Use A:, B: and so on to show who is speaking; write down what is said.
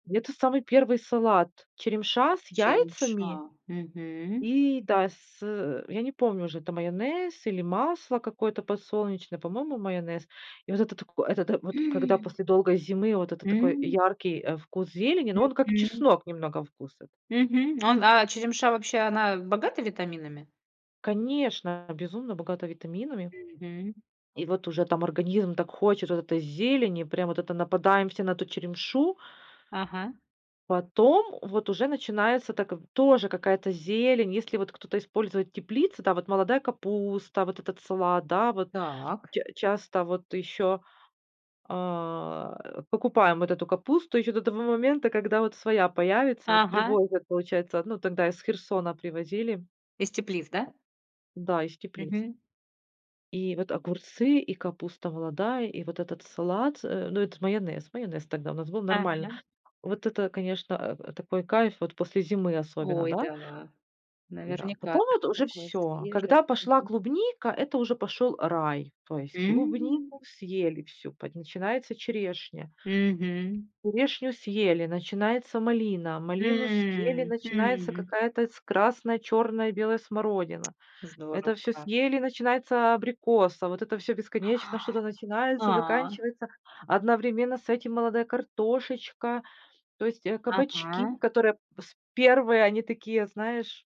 A: Это самый первый салат- черемша с яйцами
B: Черемша. Мгм.
A: и, да, с, э, я не помню уже, это майонез или масло какое-то подсолнечное, по-моему, майонез. И вот это тако это та вот когда
B: М.
A: после долгой зимы, вот это такой
B: М.
A: яркий, э, вкус зелени, но он как
B: Мгм.
A: чеснок немного вкус этот.
B: Мгм. Он а черемша, вообще, она богата витаминами?
A: Конечно. Безумно богата витаминами.
B: Мгм.
A: И вот уже там организм так хочет вот этой зелени, прям, вот это нападаем все на эту черемшу.
B: Ага.
A: Потом вот уже начинается так, в тоже какая-то зелень. Если вот кто-то использует теплицу, да, вот, молодая капуста, вот этот салат, да, вот.
B: Так.
A: Ча часто вот ещё, а, э, покупаем вот эту капусту ещё до того момента, когда вот своя появится. Вот
B: Ага.
A: привозят, получается. Ну, тогда из Херсона привозили.
B: Из теплиц, да?
A: Да, из теплиц.
B: Мгм.
A: И вот огурцы, и капуста молодая, и вот этот салат с э, ну, это майонез, майонез тогда у нас был, нормально.
B: Ага.
A: Вот это, конечно, э, э, такой кайф вот после зимы особенно,
B: Ой,
A: да?
B: да,
A: Да.
B: наверняка,
A: Потом
B: да,
A: вот уже
B: такое
A: всё.
B: свежее,
A: Когда пошла
B: мгм.
A: клубника, это уже пошёл рай. То есть
B: М.
A: клубнику съели всю. Под начинается черешня.
B: Мгм.
A: Черешню съели, начинается малина. Малину съели,
B: М,
A: начинается
B: м.
A: какая-то с красная, чёрная, белая смородина.
B: Здорово
A: Это всё
B: как.
A: съели, начинается абрикос. А вот это всё бесконечно что-то начинается,
B: А.
A: заканчивается, а одновременно с этим молодая картошечка. То есть, э, кабачки,
B: Ага.
A: которые с первые, они такие, знаешь